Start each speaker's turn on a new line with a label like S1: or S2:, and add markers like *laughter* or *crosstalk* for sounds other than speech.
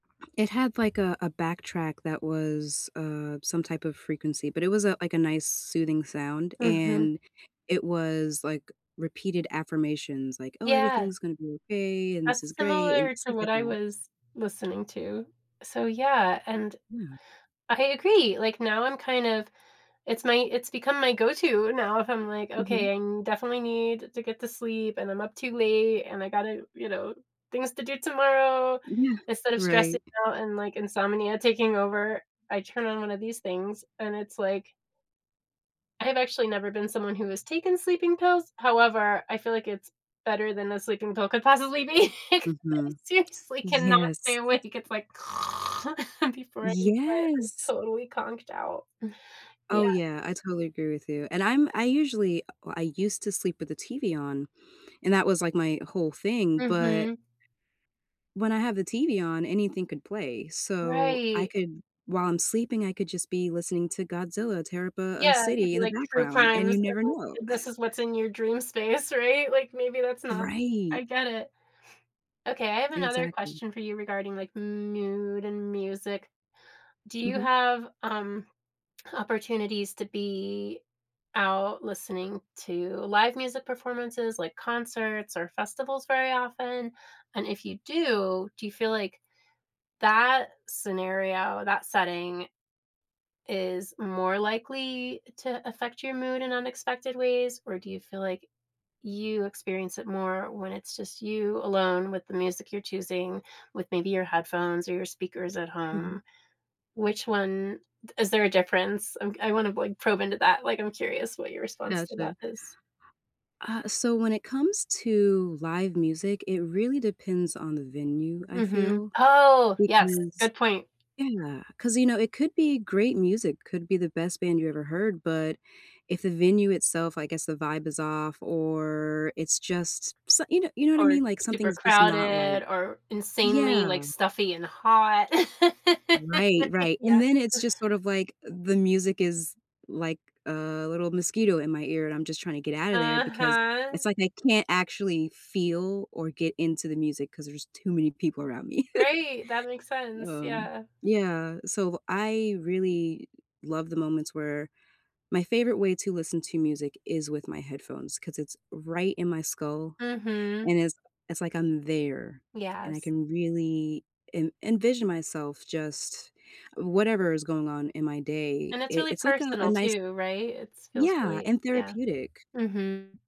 S1: It had, like, a a backtrack that was, uh, some type of frequency, but it was a like, a nice soothing sound.
S2: Mhm.
S1: And it was, like, repeated affirmations, like, "Oh,
S2: Yeah.
S1: everything's gonna be okay, and this
S2: That's
S1: is great." And
S2: similar to
S1: stuff
S2: what
S1: like
S2: I
S1: that.
S2: was listening to. So, yeah. And,
S1: Yeah.
S2: I agree, like, now I'm kind of it's my it's become my go-to now if I'm, like,
S1: Mhm.
S2: "Okay, I definitely need to get to sleep, and I'm up too late and I gotta you know, things to do tomorrow.
S1: Yeah,
S2: Instead of stressing
S1: right.
S2: out and, like, insomnia taking over, I turn on one of these things, and it's like I’ve actually never been someone who has taken sleeping pills. However, I feel like it's better than a sleeping pill could possibly be, ‘cause I
S1: Mhm,
S2: seriously cannot stay
S1: yes.
S2: awake. It's like, before I knew it,
S1: Yes!
S2: I'm totally conked out, yeah.
S1: Oh, yeah, I totally agree with you. And I'm I usually uh, I used to sleep with the TV on, and that was, like, my whole thing. But
S2: Mhm.
S1: when I have the TV on, anything could play. So I
S2: Right.
S1: could while I'm sleeping, I could just be listening to Godzilla tear up a a
S2: Yeah, it could
S1: city
S2: be
S1: in the
S2: like True
S1: background and
S2: Crimes,
S1: you never know.
S2: and this
S1: *chuckles*
S2: is what's in your dream space, right? Like, maybe that's not I
S1: Right!
S2: get it. Okay, I have another
S1: Exactly.
S2: question for you regarding like mood and music. Do you
S1: Mhm.
S2: have, um, opportunities to be out listening to live music performances like concerts or festivals very often? And if you do, do you feel like that scenario, that setting is more likely to affect your mood in unexpected ways? Or do you feel like you experience it more when it's just you alone with the music you're choosing with maybe your headphones or your speakers at
S1: Mhm.
S2: home? Which one is there a difference? I’m g I wanna, like, probe into that; like, I'm curious what your response to
S1: Gotcha.
S2: that is.
S1: Uh, so when it comes to live music, it really depends on the venue, I
S2: Mhm.
S1: feel.
S2: Oh! Yes,
S1: Because
S2: good point.
S1: Yeah, 'cause, you know, it could be great music, could be the best band you ever heard. But if the venue itself, I guess, the vibe is off or it's just s ya know ya know what I
S2: Or
S1: mean? Like,
S2: super
S1: something's just not
S2: crowded
S1: right.
S2: or insanely, like,
S1: Yeah.
S2: stuffy and hot. *laughs*
S1: Right, right, and
S2: Yep.
S1: then it's just sort of like the music is, like, a little mosquito in my ear, and I'm just trying to get out of there because
S2: Uh-huh.
S1: it's like I can't actually feel or get into the music 'cause there's too many people around me.
S2: Right, that makes
S1: *laughs*
S2: sense,
S1: Um,
S2: yeah.
S1: yeah. So I really love the moments where my favorite way to listen to music is with my headphones ‘cause it's right in my skull
S2: Mhm.
S1: and it's it's like I'm there and I
S2: Yes.
S1: can really en envision myself just whatever is going on in my day.
S2: And it's
S1: I
S2: really
S1: it's like a
S2: personal
S1: nice
S2: too, right? It’s feels
S1: Yeah,
S2: really
S1: and
S2: Yeah,
S1: therapeutic.
S2: mhm.